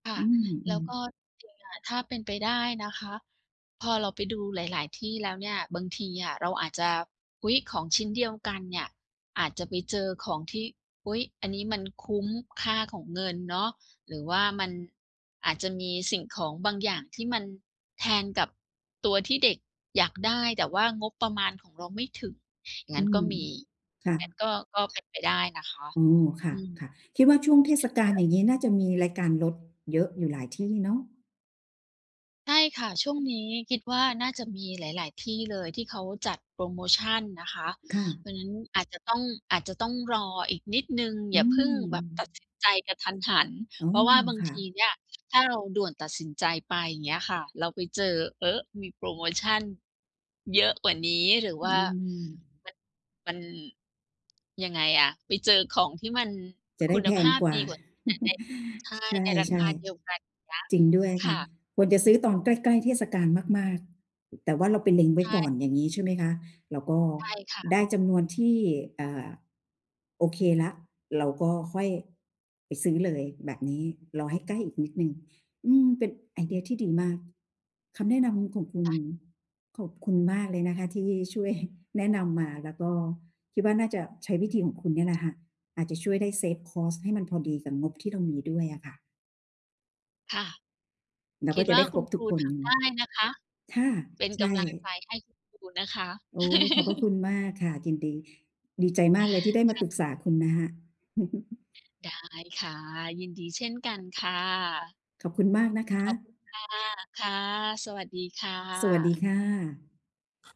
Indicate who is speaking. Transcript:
Speaker 1: ค่ะ
Speaker 2: อืม อ
Speaker 1: แล
Speaker 2: ื
Speaker 1: ้ว
Speaker 2: ม
Speaker 1: ก็จริงอะ ถ้าเป็นไปได้นะคะ พอเราไปดูหลาย ๆ ที่แล้วเนี่ย บางทีอะเราอาจจะ อุ๊ย! ของชิ้นเดียวกันเนี่ย อาจจะไปเจอของที่ "อุ๊ย! อันนี้มันคุ้มค่าของเงินเนาะ" หรือว่ามันอาจจะมีสิ่งของบางอย่าง ที่มันแทนกับตัวที่เด็กอยากได้ แต่ว่างบประมาณของเราไม่ถึง ง
Speaker 2: อ
Speaker 1: ั
Speaker 2: ื
Speaker 1: ้นก
Speaker 2: ม
Speaker 1: ็มี
Speaker 2: ค่
Speaker 1: งั้น
Speaker 2: ะ
Speaker 1: ก็ ก็เป็นไปได้นะคะ
Speaker 2: โอ้ ค่
Speaker 1: อืม [unintelligible]
Speaker 2: ะ ๆ คิดว่าช่วงเทศกาลอย่างงี้ น่าจะมีรายการลดเยอะอยู่หลายที่เนาะ
Speaker 1: ใช่ค่ะ ช่วงนี้คิดว่า น่าจะมีหลาย ๆ ที่เลย ที่เขาจัดโพรโมชันนะคะ
Speaker 2: ค่ะ
Speaker 1: เพราะงั้นอาจจะต้อง อาจจะต้องรออีกนิดหนึ่ง อ
Speaker 2: อ
Speaker 1: ย
Speaker 2: ื
Speaker 1: ่าเพิ่งแบบตัด
Speaker 2: ม
Speaker 1: สินใจกะทันหัน
Speaker 2: อ๋อ
Speaker 1: เพราะว่าบาง
Speaker 2: ค่
Speaker 1: ท
Speaker 2: ะ
Speaker 1: ีเนี่ย ถ้าเราด่วนตัดสินใจไป เงี้ยค่ะ เราไปเจอ เอ๊อะ มีโพรโมชันเยอะกว่านี้ หรือ
Speaker 2: อ
Speaker 1: ว
Speaker 2: ื
Speaker 1: ่า
Speaker 2: ม
Speaker 1: มัน มัน ยังไงอะ ไปเจอของที่มัน
Speaker 2: จะ
Speaker 1: ค
Speaker 2: ได
Speaker 1: ุ
Speaker 2: ้
Speaker 1: ณ
Speaker 2: แพ
Speaker 1: ภ
Speaker 2: ง
Speaker 1: าพ
Speaker 2: กว่
Speaker 1: ดี
Speaker 2: า
Speaker 1: กว่า แต่ใน ใช่
Speaker 2: ช
Speaker 1: ในรา
Speaker 2: ใ
Speaker 1: ค
Speaker 2: ช่
Speaker 1: าเดียวกัน อย่างเงี้ย
Speaker 2: ๆ จริงด้วย
Speaker 1: ค
Speaker 2: ค
Speaker 1: ่
Speaker 2: ่ะ
Speaker 1: ะ
Speaker 2: ควรจะซื้อตอนใกล้ ๆ เทศกาลมาก ๆ แต่ว่าเราไปเล็งไ
Speaker 1: ใ
Speaker 2: ว
Speaker 1: ช
Speaker 2: ้ก่อ
Speaker 1: ่
Speaker 2: นอย่างงี้ ใช่ไหมคะ? แล้วก็
Speaker 1: ใช่ค่ะ
Speaker 2: ได้จำนวนที่ เอ่อ โอเคแล้ว เราก็ค่อยไปซื้อเลยแบบนี้ รอให้ใกล้อีกนิดหนึ่ง อืม เป็นไอเดียดีมาก คำแนะนำของคุ
Speaker 1: ค
Speaker 2: ณ
Speaker 1: ่ะ
Speaker 2: ขอบคุณมากเลยนะคะที่ ช่วย แนะนำมา แล้วก็คิดว่า น่าจะใช้วิธีของคุณเนี่ยแหละค่ะ อาจจะช่วยได้ เซฟคอสต์ ให้มันพอดีกับงบที่เรามีด้วยอะค่ะ
Speaker 1: ค่ะ
Speaker 2: แล้ว
Speaker 1: ค
Speaker 2: ก
Speaker 1: ิ
Speaker 2: ็
Speaker 1: ด
Speaker 2: จะ
Speaker 1: ว
Speaker 2: ไ
Speaker 1: ่า
Speaker 2: ด้ค
Speaker 1: ค
Speaker 2: ร
Speaker 1: ุณ
Speaker 2: บ
Speaker 1: ค
Speaker 2: ทุ
Speaker 1: ร
Speaker 2: ก
Speaker 1: ู
Speaker 2: ค
Speaker 1: ท
Speaker 2: น
Speaker 1: ำได้นะคะ
Speaker 2: ค่ะ
Speaker 1: เป็น
Speaker 2: ใช
Speaker 1: ก
Speaker 2: ่
Speaker 1: ำลังใจให้ครูนะคะ
Speaker 2: โอ้ ขอบพระคุณมากค่ะ ยินดี ดีใจมากเลยที่ได้ม
Speaker 1: ค
Speaker 2: า
Speaker 1: ่
Speaker 2: ป
Speaker 1: ะ
Speaker 2: รึกษาคุณนะคะ
Speaker 1: ได้ค่ะ ยินดีเช่นกันค่ะ
Speaker 2: ขอบคุณมากนะค
Speaker 1: ขอบคุ
Speaker 2: ะ
Speaker 1: ณค่ะ ค่ะ สวัสดีค่
Speaker 2: สวัสด
Speaker 1: ะ
Speaker 2: ีค่ะ